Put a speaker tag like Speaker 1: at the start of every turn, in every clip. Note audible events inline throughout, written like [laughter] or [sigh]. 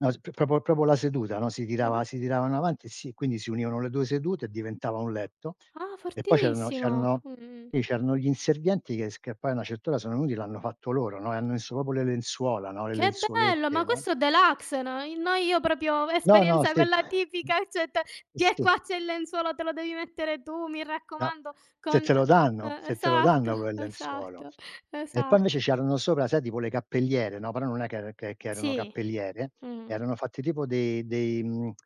Speaker 1: No s proprio- proprio la seduta, no, sii tirava
Speaker 2: Mh-mh.
Speaker 1: si tiravano avanti e si quindi si univano le 2 sedute e diventava un letto
Speaker 2: Ah
Speaker 1: e poi c'erano
Speaker 2: fortissimo.
Speaker 1: c'erano
Speaker 2: Mh-mh-mh.
Speaker 1: lì c'erano gli inservienti che s che poi a una certa ora sono venuti, l'hanno fatto loro, no, e hanno messo proprio le lenzuola, no, le
Speaker 2: Che bello. Ma
Speaker 1: lenzuolette, no?
Speaker 2: questo è deluxe, no, i no io proprio
Speaker 1: No, no,
Speaker 2: esperienza
Speaker 1: sì.
Speaker 2: quella tipica [unintelligible]
Speaker 1: Eh
Speaker 2: "Tiè
Speaker 1: sì.
Speaker 2: qua c'è il lenzuolo te lo devi mettere tu, mi
Speaker 1: No,
Speaker 2: raccomando."
Speaker 1: se
Speaker 2: Con
Speaker 1: te lo danno
Speaker 2: eh,
Speaker 1: se te lo
Speaker 2: esatto,
Speaker 1: danno quel lenzuolo.
Speaker 2: esatto,
Speaker 1: E poi invece
Speaker 2: esatto.
Speaker 1: c'erano sopra, sai tipo le cappelliere, no, però non è che che che erano
Speaker 2: Sì.
Speaker 1: cappelliere,
Speaker 2: Mh-mh.
Speaker 1: erano fatti tipo dei dei mhmm, [tsk]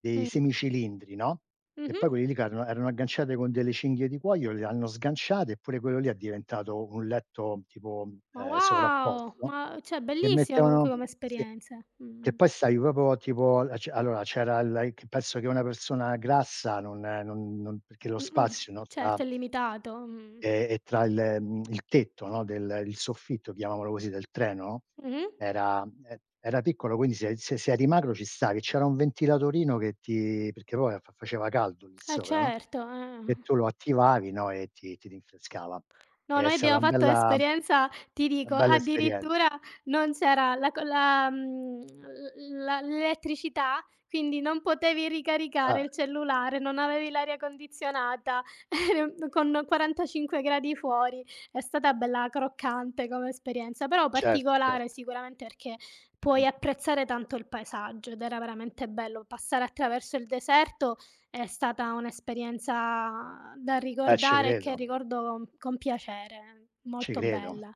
Speaker 1: dei
Speaker 2: Mh.
Speaker 1: semi cilindri, no, e
Speaker 2: Mh-mh.
Speaker 1: poi quelli lì ca era erano agganciate con delle cinghie di cuoio, le hanno sganciate, e pure quello lì è diventato un letto tipo,
Speaker 2: Ma
Speaker 1: ehm,
Speaker 2: wow,
Speaker 1: sovrapposto
Speaker 2: ma cioè
Speaker 1: e
Speaker 2: bellissima comunque
Speaker 1: mettevano,
Speaker 2: come
Speaker 1: sì,
Speaker 2: esperienze.
Speaker 1: che
Speaker 2: Mh-mh.
Speaker 1: poi stavi proprio a tipo, al ce allora c'era il a ic penso che una persona grassa non non non perché lo
Speaker 2: Mh-mh,
Speaker 1: spazio no, tra
Speaker 2: certo è limitato. Mh.
Speaker 1: ehm, e tra il ehm, [tsk] il tetto, no, del il soffitto chiamiamolo così del treno,
Speaker 2: Mh-mh.
Speaker 1: era ehm, era piccolo quindi se se eri magro ci stavi e c'era un ventilatorino che ti perché poi fa faceva caldo lì
Speaker 2: E
Speaker 1: sopra, no,
Speaker 2: certo eh,
Speaker 1: e
Speaker 2: mhmm.
Speaker 1: tu lo attivavi, no, e ti ti rinfrescava.
Speaker 2: No,
Speaker 1: È
Speaker 2: noi
Speaker 1: stata
Speaker 2: abbiamo
Speaker 1: una
Speaker 2: fatto
Speaker 1: bella
Speaker 2: un'esperienza, ti
Speaker 1: na
Speaker 2: dico,
Speaker 1: bella
Speaker 2: addirittura
Speaker 1: esperienza.
Speaker 2: non c'era la co la mhmm, l la l'elettricità, quindi non potevi ricaricare
Speaker 1: Ah.
Speaker 2: il cellulare, non avevi l'aria condizionata [chuckles] con 45 gradi fuori. È stata bella croccante come esperienza, però
Speaker 1: Cer cer
Speaker 2: particolare sicuramente perché puoi
Speaker 1: Mh.
Speaker 2: apprezzare tanto il paesaggio, ed era veramente bello. Passare attraverso il deserto è stata un' esperienza da
Speaker 1: Eh, ce
Speaker 2: ricordare e che
Speaker 1: credo.
Speaker 2: ricordo con piacere,
Speaker 1: Ci
Speaker 2: molto
Speaker 1: credo.
Speaker 2: bella.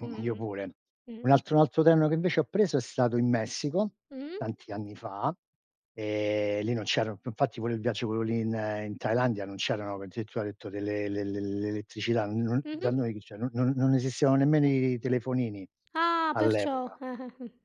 Speaker 2: Mh,
Speaker 1: io pure.
Speaker 2: mh, mh.
Speaker 1: Un
Speaker 2: Mh.
Speaker 1: altro un altro treno che invece ho preso è stato in Messico,
Speaker 2: Mh.
Speaker 1: tanti anni fa, ehm, lì non c'erano f infatti pure il viaggio, quello lì in ehm, in Thailandia, non c'erano addirittura hai detto delle le le l'elettricità, n n dai
Speaker 2: Mh-mh.
Speaker 1: noi chi, c'è, non non non esistevano nemmeno i telefonini,
Speaker 2: Ah perciò.
Speaker 1: all'epoca.
Speaker 2: [chuckles] mh.